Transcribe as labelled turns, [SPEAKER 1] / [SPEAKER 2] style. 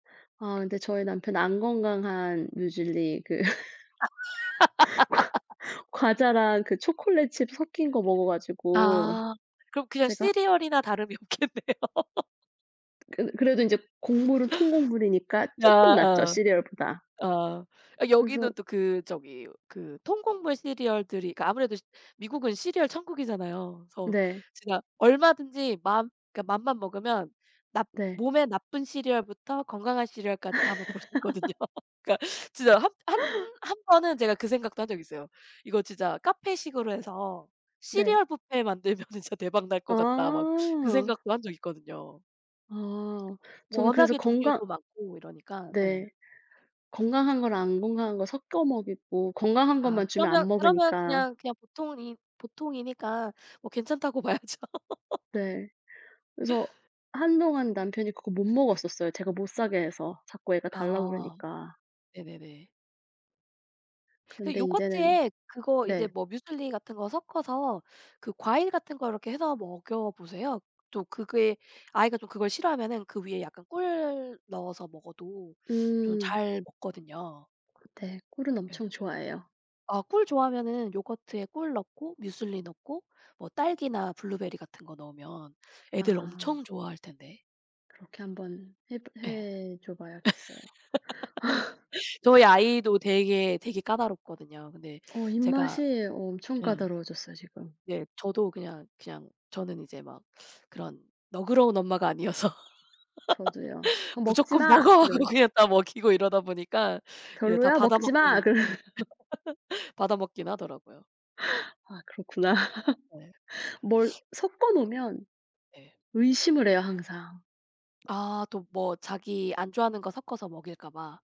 [SPEAKER 1] 아 근데 저희 남편은 안 건강한 뮤즐리 그 과 과자랑 그 초콜릿 칩 섞인 거 먹어 가지고
[SPEAKER 2] 아. 그럼 그냥
[SPEAKER 1] 제가
[SPEAKER 2] 시리얼이나 다름이 없겠네요.
[SPEAKER 1] 그 그래도 인제 곡물은 통곡물이니까
[SPEAKER 2] 아
[SPEAKER 1] 조금 낫죠,
[SPEAKER 2] 어.
[SPEAKER 1] 시리얼보다.
[SPEAKER 2] 어. 어
[SPEAKER 1] 그래서
[SPEAKER 2] 여기는 또 그 저기 그 통곡물 시리얼들이 그 아무래도 미국은 시리얼 천국이잖아요. 그래서
[SPEAKER 1] 네.
[SPEAKER 2] 제가 얼마든지 마음 그니까 맘만 먹으면 납
[SPEAKER 1] 네.
[SPEAKER 2] 몸에 나쁜 시리얼부터 건강한 시리얼까지 다 맛볼 수 있거든요. 그니까 진짜 합 한 한 번은 제가 그 생각도 한 적이 있어요. '이거 진짜 카페식으로 해서
[SPEAKER 1] 네.
[SPEAKER 2] 시리얼 뷔페 만들면은 진짜 대박 날 것 같다.' 막 그
[SPEAKER 1] 아.
[SPEAKER 2] 생각도 한 적이 있거든요.
[SPEAKER 1] 아 저는 그래서
[SPEAKER 2] 워낙에
[SPEAKER 1] 건강
[SPEAKER 2] 종류도 많고 이러니까 예.
[SPEAKER 1] 네 건강한 거랑 안 건강한 거랑 섞어 먹이고, 건강한
[SPEAKER 2] 아
[SPEAKER 1] 것만 주면
[SPEAKER 2] 그러면
[SPEAKER 1] 안
[SPEAKER 2] 그러면
[SPEAKER 1] 먹으니까.
[SPEAKER 2] 그냥, 그냥 보통은 이 보통이니까 뭐 괜찮다고 봐야죠.
[SPEAKER 1] 네. 그래서 한동안 남편이 그거 못 먹었었어요. 제가 못 사게 해서. 자꾸 애가 달라
[SPEAKER 2] 아
[SPEAKER 1] 그러니까.
[SPEAKER 2] 네네네. 그
[SPEAKER 1] 그런데 인제는
[SPEAKER 2] 요거트에 그거 이제
[SPEAKER 1] 네.
[SPEAKER 2] 뭐 뮤즐리 같은 거 섞어서 그 과일 같은 거 이렇게 해서 먹여보세요. 또 그게 아이가 좀 그걸 싫어하면은 그 위에 약간 꿀 넣어서 먹어도 좀
[SPEAKER 1] 음.
[SPEAKER 2] 잘 먹거든요.
[SPEAKER 1] 네. 꿀은
[SPEAKER 2] 예.
[SPEAKER 1] 엄청 좋아해요.
[SPEAKER 2] 아 꿀 좋아하면은 요거트에 꿀 넣고 뮤즐리 넣고 뭐 딸기나 블루베리 같은 거 넣으면 애들
[SPEAKER 1] 아.
[SPEAKER 2] 엄청 좋아할 텐데.
[SPEAKER 1] 그렇게 한번 해보
[SPEAKER 2] 예.
[SPEAKER 1] 해줘 봐야겠어요.
[SPEAKER 2] 저희 아이도 되게, 되게 까다롭거든요. 근데
[SPEAKER 1] 어
[SPEAKER 2] 제가
[SPEAKER 1] 입맛이 엄청
[SPEAKER 2] 예.
[SPEAKER 1] 까다로워졌어요 지금.
[SPEAKER 2] 예. 저도 그냥, 그냥 저는 이제 막 그런 너그러운 엄마가 아니어서
[SPEAKER 1] 저도요. "그거 먹지
[SPEAKER 2] "무조건
[SPEAKER 1] 마."
[SPEAKER 2] 먹어" 하고
[SPEAKER 1] 이런
[SPEAKER 2] 그냥 갖다 먹이고 이러다 보니까 이제 다
[SPEAKER 1] "별로야? 먹지 마."
[SPEAKER 2] 받아먹기는
[SPEAKER 1] 그러
[SPEAKER 2] 받아먹긴 하더라고요.
[SPEAKER 1] 아 그렇구나.
[SPEAKER 2] 네.
[SPEAKER 1] 뭘 섞어 놓으면
[SPEAKER 2] 네.
[SPEAKER 1] 의심을 해요 항상.
[SPEAKER 2] 아 또 뭐 자기 안 좋아하는 거 섞어서 먹일까 봐.